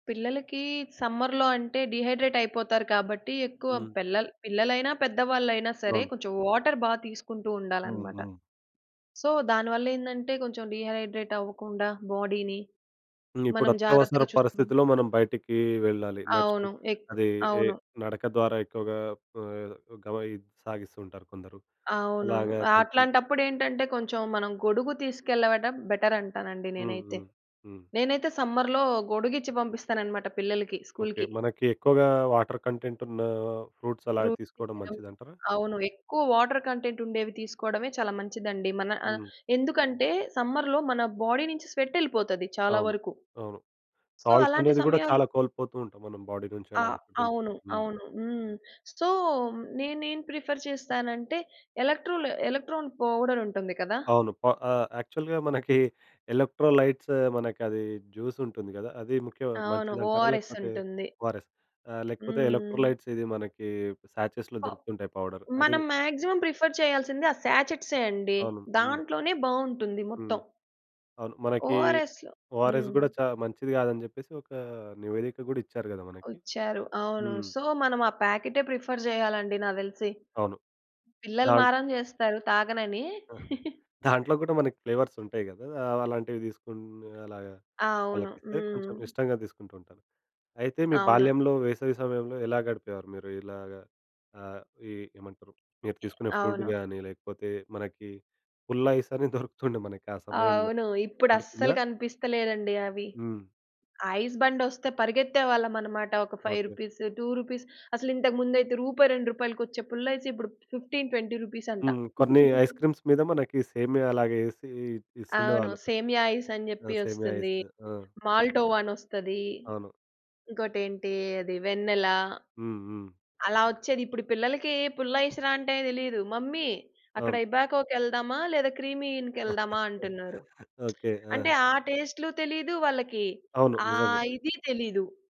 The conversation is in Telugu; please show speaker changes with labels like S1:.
S1: పిల్లలకీ సమ్మర్‌లో అంటే, డీహైడ్రేట్ అయిపోతారు కాబట్టి, ఎక్కువ
S2: హ్మ్.
S1: పెల్లల్ పిల్లలైనా పెద్దవాళ్ళైనా సరే,
S2: అవును.
S1: కొంచెం వాటర్ బా తీసుకుంటువుండాలనమాట.
S2: హుహు.
S1: సో, దానివల్ల ఏందంటే, కొంచెం డీహైడ్రేట్ అవ్వకుండా బాడీ‌ని,
S2: హ్మ్.
S1: మనం
S2: ఇప్పుడత్యవసర
S1: జాగ్రత్తగా చూసుకోగలం.
S2: పరిస్థితిలో మనం బయటికీ వెళ్ళాలి. నడచుకు
S1: అవును. ఏక్
S2: అదీ ఎ
S1: అవును.
S2: నడక ద్వారా ఎక్కువగా ఆహ్, గౌ యి సాగిస్తూ ఉంటారు కొందరు.
S1: అవును.
S2: అలాగ
S1: ఆహ్,
S2: కొంచెం
S1: అట్లాంటప్పుడేంటంటే కొంచెం మనం గొడుగు తీసుకెళ్ళవడం బెటర్ అంటానండి
S2: హ్మ్,
S1: నేనైతే.
S2: హ్మ్, హ్మ్.
S1: నేనైతే సమ్మర్‌లో గొడుగిచ్చి ఇచ్చి పంపిస్తాననమాట పిల్లలకి,
S2: ఓకే.
S1: స్కూల్‌కి.
S2: మనకి ఎక్కువగా వాటర్ కంటెంట్ ఉన్నా ఫ్రూట్స్ అలా
S1: ఫ్రూట్సే
S2: తీసుకోవడం
S1: ఇయ్యడం.
S2: మంచిదంటారా?
S1: అవును. ఎక్కువ వాటర్ కంటెంట్ ఉండేవి తీసుకోవడమే చాలా మంచిదండి. మన ఆహ్,
S2: హ్మ్.
S1: ఎందుకంటే సమ్మర్‌లో మన బాడీ నుంచి స్వెట్ యేళ్ళిపోతది చాలా
S2: అవును.
S1: వరకు.
S2: అవును.
S1: సో,
S2: సాల్ట్స్
S1: అలాంటి
S2: అనేది కూడా
S1: సమయాలు
S2: చాలా కోల్పోతూ ఉంటాం మనం బాడీ నుంచి
S1: ఆ!
S2: అలాగా. ఎల్పో
S1: అవును.
S2: హ్మ్.
S1: అవును. హ్మ్. సో, నేనేం ప్రిఫర్ చేస్తానంటే, ఎలక్‌ట్రోల్ ఎలక్ట్రాన్ పౌడర్ ఉంటుంది కదా?
S2: అవును. ప ఆహ్, యాక్చువల్‌గా మనకి ఎలక్ట్రోలైట్స్ మనకది జ్యూస్ ఉంటుంది గదా? అది ముఖ్యం
S1: అవును.
S2: మంచిదంటారా?
S1: ఓఆర్ఎస్
S2: లేకపోతే
S1: ఉంటుంది.
S2: ఓఆర్‌ఎస్ ఆహ్, లేకపోతే
S1: హ్మ్.
S2: ఎలక్ట్రోలైట్స్ ఇది మనకి సాచెస్‌లో
S1: ఓహ్!
S2: దొరుకుతుంటాయి పౌడర్. అది
S1: మనం మాక్సిమం ప్రిఫర్ చేయాల్సింది. ఆ సాచెట్‌సే అండి.
S2: అవును. హ్మ్.
S1: దాంట్లోనే బాగుంటుంది
S2: హ్మ్.
S1: మొత్తం.
S2: అవును. మనకి
S1: ఓఆర్ఎస్‌లొ
S2: ఓఆర్‌ఎస్
S1: హ్మ్.
S2: కూడా చా మంచిది‌ కాదని చెప్పేసి, ఒక నివేదిక కూడా ఇచ్చారు కదా మనకి.
S1: ఒచ్చారు. అవును.
S2: హ్మ్.
S1: సో, మనం ఆ‌ ప్యాకెటే ప్రిఫర్ చేయాలండీ నాకు తెలిసి.
S2: అవును.
S1: పిల్లలు
S2: దాన్
S1: మారం చేస్తారు తాగనని.
S2: ఆహా! దాంట్లో గుడా మనకి ఫ్లేవర్స్ ఉంటాయి గదా? అవ్ అలాంటివి తీసుకుని అలాగా
S1: అవును.
S2: వాళ్ళకి ఇస్తే
S1: హ్మ్.
S2: కొంచెం ఇష్టంగా తీసుకుంటూంటారు. అయితే మీ
S1: అవును.
S2: బాల్యంలో వేసవి సమయంలో ఎలా గడిపేవారు? మీరు ఇలాగా ఆహ్, ఈ ఏమంటరు? మీరు
S1: ఎ
S2: తీసుకునే ఫుడ్
S1: అవును.
S2: గాని, లేకపోతే మనకి పుల్లైస్ అని దొరుకుతుండే మనకి ఆ సమయంలో.
S1: అవును. ఇప్పుడు అస్సలు
S2: గుర్తుందా?
S1: కనిపిస్తలేదండి అవి.
S2: హ్మ్.
S1: ఐస్‌ బండొస్తే పరిగెత్తేవాళ్ళమనమాట. ఒక ఫైవ్
S2: ఓకే.
S1: రూపీస్, రూ. 2 అసలు ఇంతకు ముందయితే రూపాయి రెండృపాయలకొచ్చే పుల్లైస్ ఇప్పుడు రూ. 15, 20 అంట.
S2: హ్మ్. కొన్ని ఐస్‌క్రీమ్స్ మీద మనకి సేమియా అలాగే ఏసి
S1: అవును.
S2: ఇస్తుండేవాళ్ళు.
S1: సేమియా ఐస్ అని
S2: ఆ!
S1: చెప్పి
S2: సేమ్యా
S1: వస్తుంది.
S2: ఐసు. ఆ!
S1: మాల్టోవా అనోస్తది.
S2: అవును.
S1: ఇంకోటేంటి అది వెన్నెల.
S2: హ్మ్, హ్మ్.
S1: అలా వచ్చేది ఇప్పుడు పిల్లలకి పుల్లైస్‌రా అంటే తెలీదు. మమ్మీ అక్కడ
S2: అవును.
S1: ఇబాకో కేళ్దామా? లేదా క్రీమీ ఇన్‌కి యేళ్దామా అంటున్నారు.
S2: ఓకే.
S1: అంటే
S2: ఆ!
S1: ఆ టేస్ట్‌లు తెలీదు వాళ్ళకి.
S2: అవును.
S1: ఆ‌
S2: నిజంగా.
S1: ఇదీ తెలీదు.